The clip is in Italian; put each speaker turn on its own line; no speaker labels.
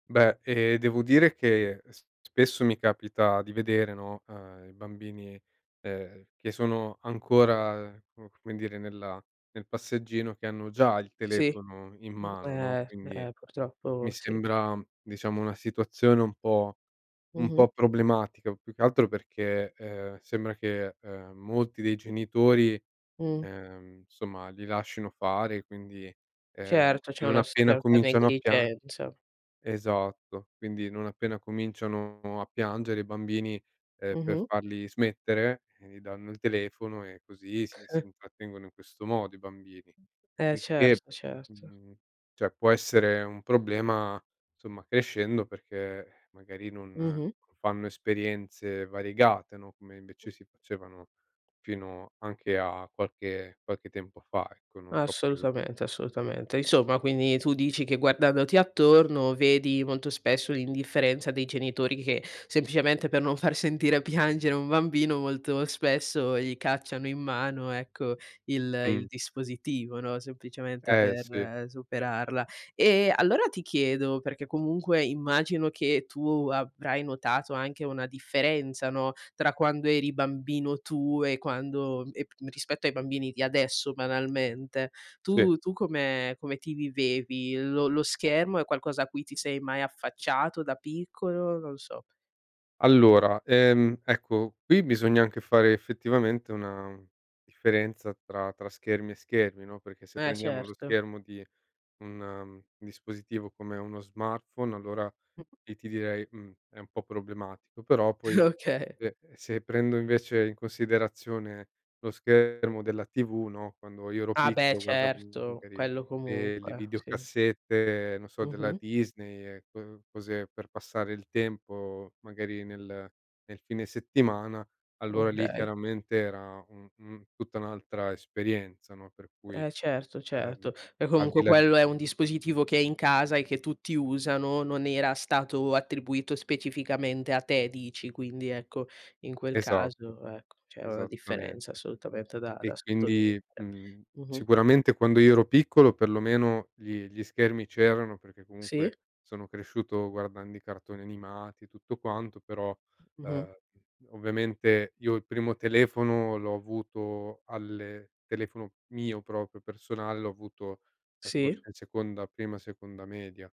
Beh, ehm, devo dire che s spesso mi capita di vedere, no, ehm, i bambini ehm, che sono ancora co come dire nella nel passeggino che hanno già il
Sì.
telefono in mano, no,
Eh
quindi,
eh
mi
purtroppo sì.
sembra diciamo una situazione un po' un po'
Mh-mh.
problematica, più che altro perché, ehm, sembra che molti dei genitori,
Mh.
ehm, insomma li lascino fare e quindi, ehm,
Certo, c'è
non
una s
appena
certa
cominciano a piang
negligenza.
esatto. Quindi non appena cominciano a piangere i bambini, eh per
Mh-mh.
farli smettere, gli danno il telefono e così si si intrattengono in questo modo i bambini.
Eh
Il che,
certo, certo.
mhmm, cioè può essere un problema insomma crescendo perché eh, magari non
Mh-mh.
non fanno esperienze variegate, no, come invece si facevano fino anche a qualche qualche tempo fa, ecco, non troppo in là.
Assolutamente, assolutamente. Insomma, quindi tu dici che guardandoti attorno vedi molto spesso l'indifferenza dei genitori che, semplicemente per non far sentire piangere un bambino, molto spesso gli cacciano in mano, ecco, il il
Mh.
dispositivo, no, semplicemente
Eh, sì.
per superarla. E allora ti chiedo, perché comunque immagino che tu avrai notato anche una differenza, no, tra quando eri bambino tu e quando e rispetto ai bambini di adesso banalmente.
Sì.
Tu tu come come ti vivevi? Lo lo schermo è qualcosa a cui ti sei mai affacciato da piccolo? Non lo so.
Allora, ehm ecco, qui bisogna anche fare effettivamente una differenza tra tra schermi e schermi, no, perché se
Eh
prendiamo lo
certo.
schermo di un dispositivo come uno smartphone, allora
Mh.
lì ti direi: "Mh, è un po' problematico". Però poi
Okay.
se se prendo invece in considerazione lo schermo della TV, no, quando io ero
Ah beh
piccolo guardavo
certo,
magari
quello
le le
comunque, sì.
videocassette, non so, della
Mh-mh.
Disney, co cose per passare il tempo magari nel nel fine settimana, allora lì
Okay.
chiaramente era un un tutta un'altra esperienza, no, per cui
Eh certo,
ehm,
certo. Beh
al di
comunque
là di
quello è un dispositivo che è in casa e che tutti usano, non era stato attribuito specificamente a te dici, quindi ecco in quel
Esatto,
caso ecco c'era una differenza
esattamente.
assolutamente da da
E
sottolineare.
quindi, mhmm,
Mh-mh.
sicuramente quando io ero piccolo perlomeno gli gli schermi c'erano, perché
Sì.
comunque sono cresciuto guardando i cartoni animati e tutto quanto, però
Mh-mh.
ehm, ovviamente io il primo telefono l'ho avuto alle telefono mio proprio personale, l'ho avuto forse
Sì.
in seconda, prima seconda media.